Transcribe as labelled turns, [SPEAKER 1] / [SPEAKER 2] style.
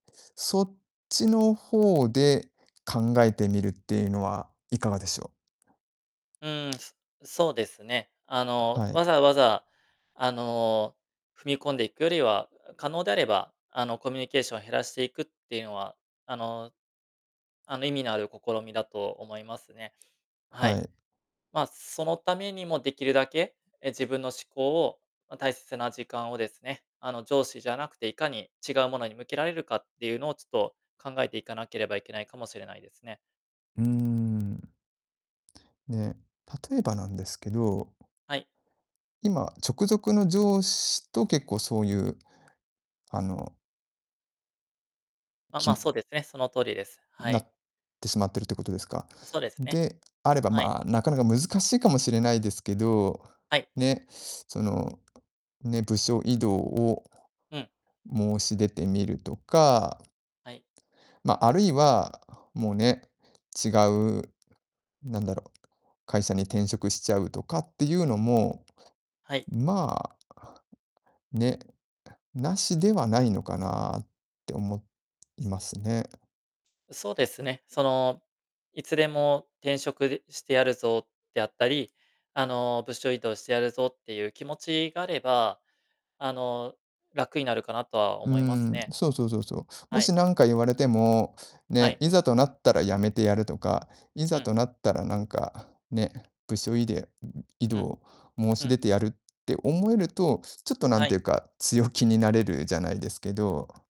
[SPEAKER 1] そっちの方で考えてみるっていうのは、いかがでしょう？
[SPEAKER 2] うーん、すそうですね。あの、
[SPEAKER 1] はい。
[SPEAKER 2] わざわざ、あの、踏み込んでいくよりは、あ、可能であれば、あの、コミュニケーション減らしていくっていうのは、あの、あの、意味のある試みだと思いますね。は
[SPEAKER 1] は
[SPEAKER 2] い。
[SPEAKER 1] い。
[SPEAKER 2] まあ、そのためにも、できるだけ、え、自分の思考を、ま、大切な時間をですね、あの、上司じゃなくて、いかに違うものに向けられるかっていうのを、ちょっと、考えていかなければいけないかもしれないですね。
[SPEAKER 1] うーん。ね。例えばなんですけど
[SPEAKER 2] はい。
[SPEAKER 1] 今、直属の上司と、結構、そういう、あの
[SPEAKER 2] あ、
[SPEAKER 1] き
[SPEAKER 2] ま、
[SPEAKER 1] む
[SPEAKER 2] そうですね、その通りです、は
[SPEAKER 1] な
[SPEAKER 2] い。
[SPEAKER 1] ってしまってるってことですか？
[SPEAKER 2] そ、ですね。
[SPEAKER 1] で、あれば、
[SPEAKER 2] はい。
[SPEAKER 1] まあ、なかなか難しいかもしれないですけど、
[SPEAKER 2] はい。
[SPEAKER 1] ね、その、ね、部署異動を
[SPEAKER 2] うん。
[SPEAKER 1] 申し出てみるとか
[SPEAKER 2] はい。
[SPEAKER 1] ま、あるいは、もうね、違うなんだろう、会社に転職しちゃうとかっていうのも、
[SPEAKER 2] はい。
[SPEAKER 1] まあね、無しではないのかなって思いますね。
[SPEAKER 2] そうですね、その、いつでも転職でしてやるぞ、であったり、あの、部署異動してやるぞ、っていう気持ちがあれば、あの、楽になるかなとは
[SPEAKER 1] うー
[SPEAKER 2] 思います
[SPEAKER 1] ん、
[SPEAKER 2] ね。
[SPEAKER 1] そうそうそうそう。も
[SPEAKER 2] は
[SPEAKER 1] し
[SPEAKER 2] い。
[SPEAKER 1] なんか言われても、
[SPEAKER 2] は
[SPEAKER 1] ね、
[SPEAKER 2] い。
[SPEAKER 1] いざとなったら辞めてやるとか、い
[SPEAKER 2] う
[SPEAKER 1] ざ
[SPEAKER 2] ん。
[SPEAKER 1] となったらなんか、ね、部署いでんん、異
[SPEAKER 2] うん。
[SPEAKER 1] 動、申
[SPEAKER 2] う
[SPEAKER 1] し出
[SPEAKER 2] ん。
[SPEAKER 1] てやるって思えると、ちょっと、な
[SPEAKER 2] は
[SPEAKER 1] んてい
[SPEAKER 2] い。
[SPEAKER 1] うか、強気になれるじゃないですけど